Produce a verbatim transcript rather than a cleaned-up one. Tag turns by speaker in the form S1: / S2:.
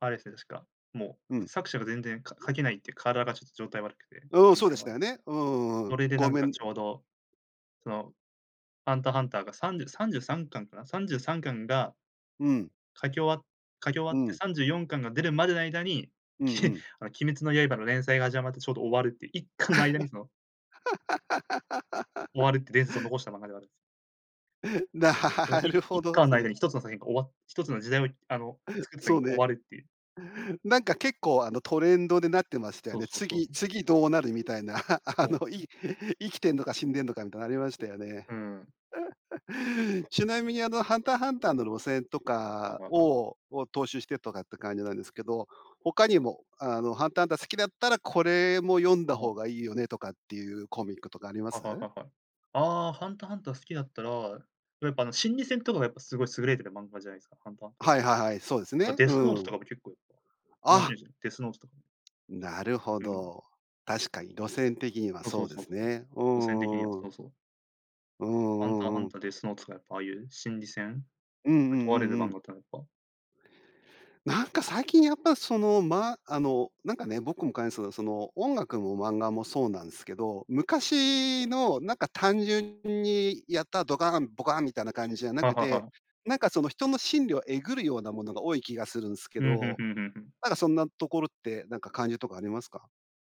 S1: あれですね、確か。もう、
S2: うん。
S1: 作者が全然か書けないって、体がちょっと状態が悪くて、
S2: うん、そうで
S1: 状況
S2: し
S1: が。
S2: たよね。うんうんう
S1: そ
S2: ん、
S1: れでな
S2: ご
S1: ん
S2: め
S1: か
S2: ん
S1: ちょうど、その、ハンターハンターがさんじゅうさんじゅうさんかんかな、さんじゅうさんかん
S2: うん。
S1: 書き終わっ書き終わ
S2: う
S1: って
S2: ん。
S1: さんじゅうよんかんが出るまでの間に、
S2: うん
S1: き
S2: う
S1: っ
S2: ん。
S1: あの鬼滅の刃の連載が始まってちょうど終わるっていういっかんの間にその終 わるって伝説を残した漫画ではあるんです。
S2: な
S1: このい
S2: る
S1: い
S2: ほ
S1: っ
S2: どで
S1: かん
S2: す
S1: の間
S2: ね。
S1: に一つの作品が終わっ一つの時代を、あの、作った作
S2: そう
S1: 品が終
S2: ね。
S1: わるっていう。
S2: なんか結構、あの、トレンドでなってましたよ
S1: そう
S2: ね。
S1: そうそうそ
S2: 次
S1: う。
S2: 次どうなるみたいな、あ、あ
S1: そうなんで
S2: の、
S1: すよ。
S2: い生きてんのか死んでんのかみたいなありましたよね。
S1: うーん。
S2: ちなみに、あの、ハンターハンターの路線と
S1: はい
S2: か
S1: はいはい。
S2: をを踏襲してとかって感じなんですけど、他にも、あの、ハンターハンター好きだったら、これも読ん
S1: あ
S2: だ方
S1: の
S2: がいいよねとかっていうコミックとかありま
S1: はいはい
S2: す？
S1: はいはい。ああ、ハンターハンター好きだったら、やっぱあの心理戦とかがやっぱすごい優れてる漫画じゃないですか。ハンターハンターっ
S2: は
S1: て。
S2: いはいはい。そうです
S1: なんか
S2: ね。
S1: デ
S2: う
S1: スノート
S2: ん。
S1: とかも結構やっぱ、面
S2: あ
S1: 白いです。デスノートとか。
S2: なるほ
S1: うん。
S2: ど。確かに路線的には
S1: そうそ
S2: そう
S1: う
S2: で
S1: そう
S2: す
S1: そう。
S2: ね。う
S1: 路線的に
S2: んう
S1: は、
S2: んう
S1: そ
S2: ん。
S1: うそう。
S2: うん
S1: ハンター
S2: う
S1: ハ
S2: んう
S1: ン
S2: ん。
S1: ター、デスノートとかやっぱああいう心理戦、
S2: うんうん
S1: 問
S2: う
S1: われる
S2: んう
S1: 漫
S2: ん。
S1: 画っていうのはやっぱ
S2: なんか最近やっぱ、その、ま、あの、なんかね。僕も感じですけど、その、音楽も漫画もそうなんすけど、昔の、なんか単純にやったドカン、ボカンみたいな感じじゃな
S1: は
S2: く
S1: は
S2: て、
S1: は。
S2: なんかその、人の心理をえぐるようなものが多い気がするんすけ
S1: うん。ふん
S2: ど、
S1: ふんふんふん。
S2: なんかそんなところって、なんか感じとかありますか？